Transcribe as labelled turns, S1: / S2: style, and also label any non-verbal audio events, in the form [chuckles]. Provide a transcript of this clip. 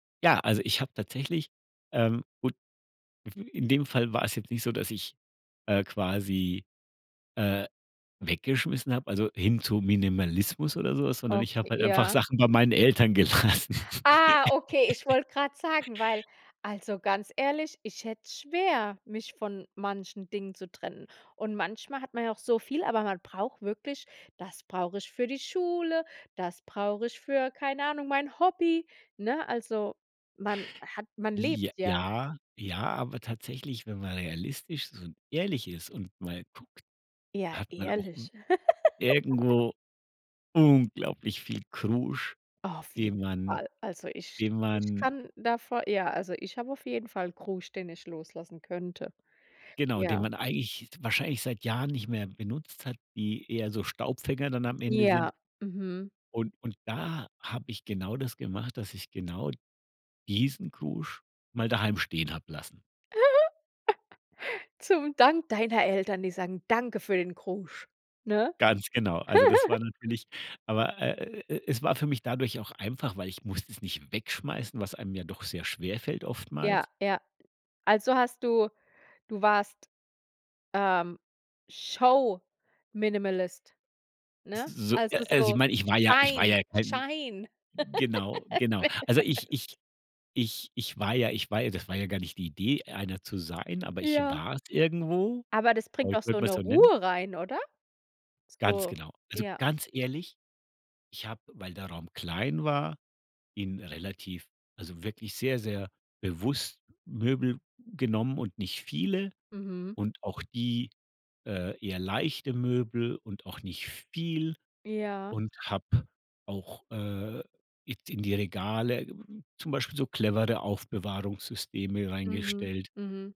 S1: Ja, also ich habe tatsächlich ähm, und mhm, in dem Fall war es jetzt nicht so, dass ich, äh, quasi, äh, weggeschmissen habe, also, hin zum Minimalismus oder so was, sondern ich habe
S2: Okay,
S1: halt einfach
S2: ja.
S1: Sachen bei meinen Eltern gelassen.
S2: Ah, okay, ich
S1: [laughs]
S2: wollte grad sagen, weil also, ganz ehrlich, ich hätte es schwer, mich von manchen Dingen zu trennen und manchmal hat man ja auch so viel, aber man braucht wirklich „das brauche ich für die Schule, das brauche ich für, keine Ahnung, mein Hobby“, ne? Also, man hat man lebt
S1: J
S2: ja.
S1: ja, ja, aber tatsächlich, wenn man realistisch so ehrlich ist und mal guckt,
S2: Ja,
S1: hat man auch w
S2: ehrlich. [laughs]
S1: irgendwo unglaublich viel Krusch,
S2: Auf jeden
S1: den man
S2: Fall. Also, ich
S1: den
S2: ich
S1: man
S2: kann davo ja, also ich habe auf jeden Fall Krusch, den ich loslassen könnte.
S1: Genau, den
S2: Ja.
S1: man eigentlich wahrscheinlich seit Jahren nicht mehr benutzt hat, die eher so Staubfänger dann am Ende sind.
S2: Ja, mhm.
S1: Und und da habe ich genau das gemacht, dass ich genau diesen Krusch mal daheim stehen habe lassen.
S2: [chuckles] Zum Dank deiner Eltern, die sagen danke für den Krusch, ne?
S1: Ganz genau, also, das
S2: [chuckles]
S1: war natürlich aber, äh, äh, äh, äh, es war für mich dadurch auch einfach, weil ich musste es nicht wegschmeißen, was einem ja doch sehr schwer fällt oftmals.
S2: Ja, ja. Also, hast du du warst, ähm, Show Minimalist,
S1: S
S2: ne?
S1: s so, äh
S2: Also, ist
S1: also, ich
S2: so,
S1: meine, ich war ja ich war
S2: Schein
S1: ja kein
S2: Schein
S1: genau,
S2: [laughs]
S1: genau.
S2: Minimalist.
S1: Also, ich ich ich ich war ja ich war ja das war ja gar nicht die Idee, einer zu sein, aber ich
S2: Ja.
S1: war's irgendwo.
S2: Aber das bringt auch
S1: Vielleicht
S2: so
S1: würde
S2: 'ne
S1: man's so nennen.
S2: Ruhe rein, oder?
S1: Ganz
S2: So,
S1: genau. Also,
S2: ja.
S1: ganz ehrlich, ich habe, weil der Raum klein war, ihn relativ also, wirklich sehr, sehr bewusst Möbel genommen und nicht viele
S2: Mhm.
S1: und auch die, äh, eher leichte Möbel und auch nicht viel
S2: Ja.
S1: und habe auch, äh, it in die Regale zum Beispiel so clevere Aufbewahrungssysteme
S2: Mhm.
S1: reingestellt.
S2: Mhm.